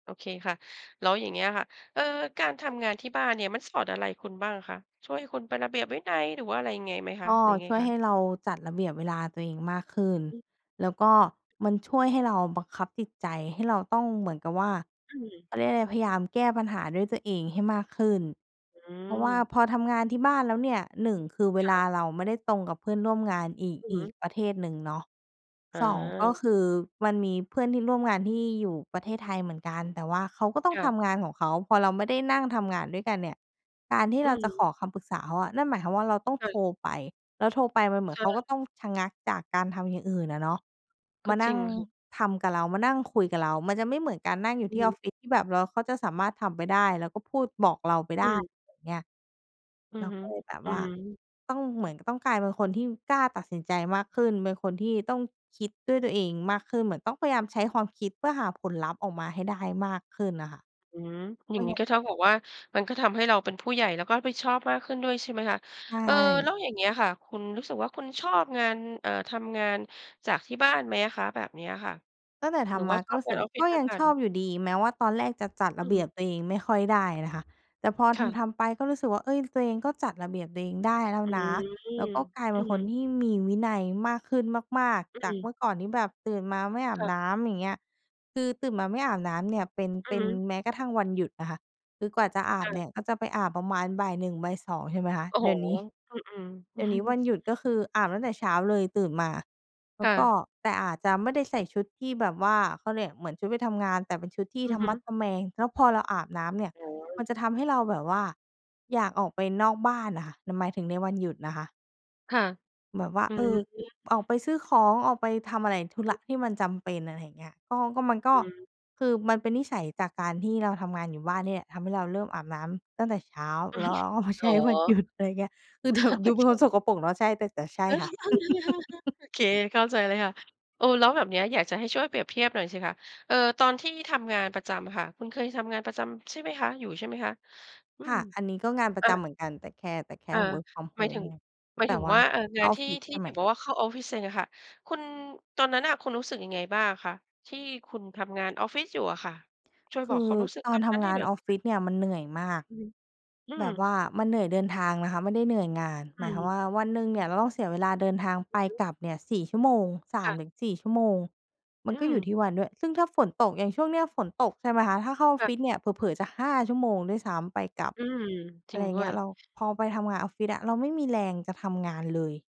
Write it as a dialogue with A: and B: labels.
A: โอเคค่ะ แล้วอย่างเงี้ยค่ะ เอ่อ การทำงานที่บ้านเนี่ยมันสอนอะไรคุณบ้างคะ? ช่วยให้คุณเป็นระเบียบวินัย หรือว่าอะไรยังไงไหมคะ
B: ก็
A: หรือยังไง
B: ช่วย
A: ค
B: ให
A: ะ?
B: ้เราจัดระเบียบเวลาตัวเองมากขึ้น
A: อืม
B: แล้วก็มันช่วยให้เราบังคับจิตใจให้เราต้องเหมือนกับว่า
A: อืม
B: เขาเรียกว่าไร พยายามแก้ปัญหาด้วยตัวเองให้มากขึ้น
A: อื
B: เพราะว่า
A: ม
B: พอทำงานที่บ้านแล้วเนี่ย 1 คือเว
A: ค่
B: ลา
A: ะ
B: เราไม่ได้ตรงกับเพื่อนร่วมงานอีก
A: อือ
B: อ
A: ฮ
B: ีก
A: ึ
B: ประเทศหนึ่งเนาะ 2 ก็
A: อา
B: คือมันมีเพื่อนที่ร่วมงานที่อยู่ประเทศไทยเหมือนกัน แต่ว่าเขาก็ต้อ
A: ค
B: ง
A: ่
B: ท
A: ะ
B: ำงานของเขา พอเราไม่ได้นั่งทำงานด้วยกันเนี่ย การที่
A: อื
B: เราจะข
A: ม
B: อคำปรึกษาเขาอะ นั่นหมายความว่าเราต้อง
A: ค่
B: โ
A: ะ
B: ทรไป แล้วโทรไปมันเหมื
A: ใ
B: อ
A: ช
B: นเขาก
A: ่
B: ็ต้องชะงักจากการทำอย่างอื่นอะเนาะ
A: ก
B: ม
A: ็
B: า
A: จ
B: น
A: ร
B: ั่
A: ิ
B: ง
A: งค่ะ
B: ทำกับเรา มานั่งคุยกับเรา มันจะไม่เหมือนการนั่งอยู่
A: อื
B: ที
A: อ
B: ่
A: ฮ
B: อ
A: ึ
B: อฟฟิศที่แบบเรา เขาจะสามารถทำไปได้แล้วก็พูดบอกเราไป
A: อ
B: ไ
A: ื
B: ด้
A: ม
B: เงี้ย
A: อื
B: เร
A: อ
B: า
A: ฮึ
B: ก็เลยแบบ
A: อื
B: ว่า
A: ม
B: ต้องเหมือน ต้องกลายเป็นคนที่กล้าตัดสินใจมากขึ้น เป็นคนที่ต้องคิดด้วยตัวเองมากขึ้น เหมือนต้องพยายามใช้ความคิดเพื่อหาผลลัพธ์ออกมาให้ได้มากขึ้นน่ะค่ะ
A: อืม อย
B: ไ
A: ่
B: ม
A: า
B: ่
A: งงี
B: ง
A: ้
B: ั้น
A: ก็เท่ากับว่า มันก็ทำให้เราเป็นผู้ใหญ่ แล้วก็รับผิดชอบมากขึ้นด้วย ใช่ไหมคะ
B: ใช
A: เอ่อ
B: ่
A: แล้วอย่างเงี้ยค่ะ คุณรู้สึกว่าคุณชอบงาน เอ่อ ทำงานจากที่บ้านไหมอะคะแบบเนี้ยค่ะ
B: ตั้งแต่ท
A: หรือ
B: ำ
A: ว
B: ม
A: ่า
B: า
A: ช
B: ก็
A: อบ
B: รู้ส
A: งา
B: ึ
A: น
B: กว
A: อ
B: ่
A: อ
B: า
A: ฟฟิ
B: ก
A: ศ
B: ็
A: ม
B: ย
A: า
B: ั
A: ก
B: ง
A: กั
B: ช
A: น?
B: อบอยู่ดี แม้ว่าตอนแรกจะจัด
A: อื
B: ระเบี
A: ม
B: ยบตัวเองไม่ค่อยได้นะคะ แต่พอ
A: ค่ะ
B: ทำ ๆ ไปก็รู้สึกว่า เฮ้ย ตัวเองก็จัดระเบียบตัวเองได้แล้ว
A: อื
B: นะ
A: ม
B: แล้วก็กลาย
A: อ
B: เป
A: ื
B: ็น
A: อ
B: ค
A: ฮ
B: น
A: ึ
B: ที่มีวินัยมากขึ้นมาก
A: อ
B: ๆ จาก
A: ืม
B: เมื่อก่อนที่แบบตื่นมาไม่อา
A: ค
B: บ
A: ่ะ
B: น้ำ อย่างเงี้ย คือตื่นมาไม่อาบน้ำเนี่ยเป็น
A: อื
B: เป
A: อ
B: ็
A: ฮ
B: น
A: ึ
B: แม้กระทั่งวันหยุดนะคะ คือกว่าจะอา
A: ค
B: บ
A: ่
B: เน
A: ะ
B: ี่ยก็จะไปอาบประมาณบ่าย 1 บ่าย 2 ใช่ไหมคะ
A: โอ้โ
B: เ
A: ฮ
B: ดี๋ยวนี้
A: อืม ๆ
B: เดี๋ยวนี้วันหยุดก็คืออาบตั้งแต่เช้าเลย ตื่นมาแล
A: ค
B: ้
A: ่
B: วก็
A: ะ
B: แต่อาจจะไม่ได้ใส่ชุดที่แบบว่า เขาเรียกเหมือนชุดไปทำงาน แต่เป็นชุดที่
A: อื
B: ท
A: อ
B: ะ
A: ฮ
B: มัด
A: ึ
B: ทะแมง แล้วพอเราอาบน้ำเนี่ย
A: อ๋
B: ม
A: อ
B: ันจะทำให้เราแบบว่าอยากออกไปนอกบ้านน่ะค่ะ หนูหมายถึงในวันหยุดนะคะ
A: ค่ะ
B: แบบว่า
A: อื
B: เออ
A: ม
B: ออกไปซื้อของ ออกไปทำอะไร ธุ
A: อื
B: ระ
A: อ
B: ที่มันจำเป็น อะไรอย่างเงี้ย ก็ ก็มันก
A: อ
B: ็
A: ืม
B: คือมันเป็นนิสัยจากการที่เราทำงานอยู่บ้านเนี่ยแหละ ทำให้เราเริ่มอาบน้ำตั้งแต่เช้า แล้วเราก็เอามาใ
A: อ
B: ช
A: ๋อ
B: ้วันหยุด อะไรเงี้ย คือแบบดูเป็นความสกปรกเนาะ ใช่ แต่ แต่ใช่ค่ะ
A: โอเค เข้าใจเลยค่ะ เออ แล้วแบบเนี้ยอยากจะให้ช่วยเปรียบเทียบหน่อยสิคะ เอ่อ ตอนที่ทำงานประจำค่ะ คุณเคยทำงานประจำใช่ไหมคะ อยู่ใช่ไหมคะ? อื
B: ค
A: ม
B: ่ะ อันนี้ก็งานปร
A: อ
B: ะ
A: า
B: จำเหมือนกันแต่แค่ แต่แค
A: อ
B: ่
A: า
B: work from
A: หมายถึ
B: home
A: ง หมาย
B: แต
A: ถึ
B: ่
A: ง
B: ว่
A: ว
B: า
A: ่า เอ่อ
B: เ
A: ง
B: ข้
A: า
B: า
A: น
B: ออ
A: ท
B: ฟ
A: ี่
B: ฟิศ
A: ที
B: ใช
A: ่
B: ่ไ
A: พ
B: หม?
A: ี่บอกว่าเข้าออฟฟิศเองอะค่ะ คุณ ตอนนั้นน่ะคุณรู้สึกยังไงบ้างคะ ที่คุณทำงานออฟฟิศอยู่อะค่ะ? ช่วย
B: ค
A: บ
B: ื
A: อกค
B: อ
A: วามรู้สึก
B: ตอ
A: ต
B: น
A: อน
B: ท
A: นั้นใ
B: ำง
A: ห้
B: า
A: หน
B: น
A: ่อย
B: ออ
A: ส
B: ฟ
A: ิ
B: ฟ
A: คะ
B: ิศเนี่ยมันเหนื่อยมาก
A: อือฮึ อื
B: แบ
A: ม
B: บว่ามันเหนื่อยเดินทางนะคะไม่ได้เหนื่อยงาน
A: อ
B: ห
A: ื
B: มายความ
A: ม
B: ว่าวันหนึ่งเนี่ยเราต้องเสียเวลาเดินทาง
A: อ
B: ไ
A: ื
B: ป
A: อฮึ
B: กลับเนี่ย 4 ชั่วโมง สา
A: ค่
B: ม
A: ะ
B: ถึงสี่ ชั่วโมง มั
A: อื
B: นก็
A: ม
B: อยู่ที่วันด้วย ซึ่งถ้าฝนตก อย่างช่วงนี้ฝนตก ใช่ไหมคะ ถ้าเข้าออ
A: ค
B: ฟ
A: ่
B: ฟ
A: ะ
B: ิศเนี่ยเผลอ ๆ จะ 5 ชั่วโมงด้วยซ้ำ ไปกลับ
A: อืม จร
B: อะ
A: ิ
B: ไร
A: ง
B: อย
A: ด
B: ่า
A: ้
B: งเ
A: ว
B: งี้
A: ย
B: ย เรา พอไปทำงานออฟฟิศอะ เราไม่มีแรงจะทำงานเลย